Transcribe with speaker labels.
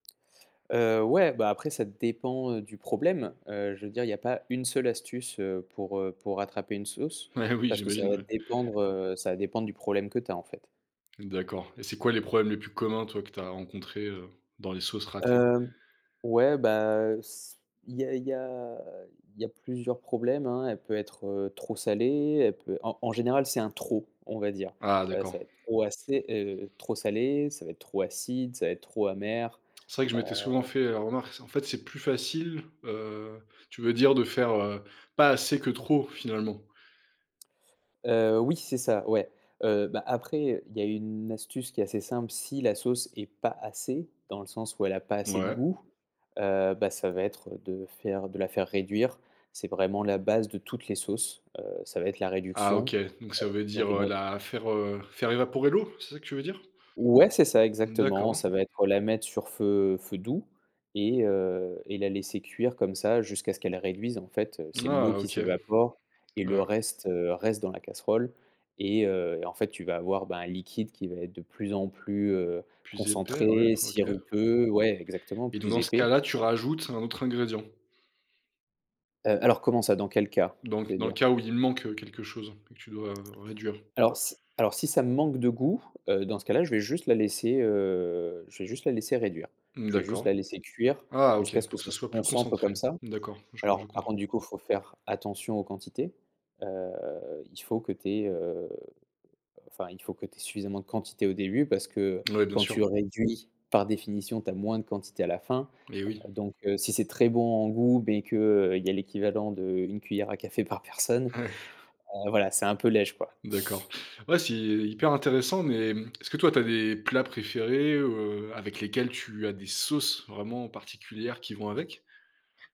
Speaker 1: Heu, ouais bah, après ça dépend, heu, du problème. Heu, je veux dire il y a pas 1 seule astuce, heu, pour, heu, pour rattraper une sauce.
Speaker 2: Ah oui,
Speaker 1: Parce que ça
Speaker 2: j'imagine
Speaker 1: va
Speaker 2: ouais.
Speaker 1: dépendre, heu, ça va dépendre du problème que tu as en fait.
Speaker 2: D'accord et c'est quoi les problèmes les plus communs, toi que tu as rencontrés, heu, dans les sauces ratées?
Speaker 1: Hem, ouais bah, s il y a il y a il y a plusieurs problèmes, hein. Elle peut être, heu, trop salée, elle peut en en général c'est un trop, on va dire.
Speaker 2: Ah
Speaker 1: Heu, ça
Speaker 2: d'accord.
Speaker 1: va être trop assez heu, trop salé, ça va être trop acide, ça va être trop amer.
Speaker 2: C'est vrai que je m'étais souvent
Speaker 1: Heu
Speaker 2: fait, heu, la remarque, en fait, c'est plus facile, heu, tu veux dire, de faire, heu, pas assez que trop finalement?
Speaker 1: Heu, oui c'est ça ouais. Heu, bah après, heu, il y a une astuce qui est assez simple. Si la sauce est pas assez, dans le sens où elle a pas assez de
Speaker 2: Ouais.
Speaker 1: goût, heu, bah ça va être de faire de la faire réduire. C'est vraiment la base de toutes les sauces. Heu, ça va être la
Speaker 2: Ah
Speaker 1: réduction
Speaker 2: OK, donc ça veut
Speaker 1: donc
Speaker 2: dire,
Speaker 1: une,
Speaker 2: heu,
Speaker 1: heu
Speaker 2: la faire, heu, faire évaporer l'eau, c'est ça que tu veux dire?
Speaker 1: Ouais c'est ça exactement,
Speaker 2: D'accord.
Speaker 1: ça va être, heu, la mettre sur feu feu doux et heu, et la laisser cuire comme ça jusqu'à ce qu'elle réduise. En fait, heu, c'est l'eau
Speaker 2: Ah
Speaker 1: qui
Speaker 2: OK.
Speaker 1: s'évapore et le reste, heu, reste dans la casserole et heu, en fait tu vas avoir bah, un liquide qui va être de plus en plus, heu,
Speaker 2: Plus épais, ouais,
Speaker 1: concentré,
Speaker 2: OK
Speaker 1: sirupeux ouais exactement,
Speaker 2: et donc,
Speaker 1: plus
Speaker 2: dans ce
Speaker 1: épais.
Speaker 2: cas-là, tu rajoutes un autre ingrédient?
Speaker 1: Heu, alors comment ça? Dans quel cas,
Speaker 2: Donc,
Speaker 1: tu veux
Speaker 2: dans le
Speaker 1: dire?
Speaker 2: cas où il manque, heu, quelque chose que tu dois réduire?
Speaker 1: Alors si alors si ça manque de goût, heu, dans ce cas là je vais juste la laisser, heu, je vais juste la laisser réduire. Je vais juste
Speaker 2: D'accord.
Speaker 1: la laisser cuire,
Speaker 2: Ah OK,
Speaker 1: jusqu'à ce que
Speaker 2: pour que
Speaker 1: ça
Speaker 2: ce
Speaker 1: se
Speaker 2: soit plus
Speaker 1: concentre comme
Speaker 2: concentré?
Speaker 1: ça.
Speaker 2: D'accord, je je
Speaker 1: Alors par
Speaker 2: comprends.
Speaker 1: contre du coup faut faire attention aux quantités. Heu, il faut que tu aies, heu, enfin il faut que tu aies suffisamment de quantité au début, parce que
Speaker 2: Ouais, bien
Speaker 1: quand tu
Speaker 2: sûr.
Speaker 1: réduis, par définition tu as moins de quantité à la fin.
Speaker 2: Eh
Speaker 1: Heu,
Speaker 2: oui.
Speaker 1: donc heu, si c'est très bon en goût mais qu'il y a l'équivalent d'1 cuillère à café par personne, heu, voilà c'est un peu léger quoi.
Speaker 2: D'accord, ouais c'est hyper intéressant, mais est-ce que toi tu as des plats préférés, heu, avec lesquels tu as des sauces vraiment particulières qui vont avec?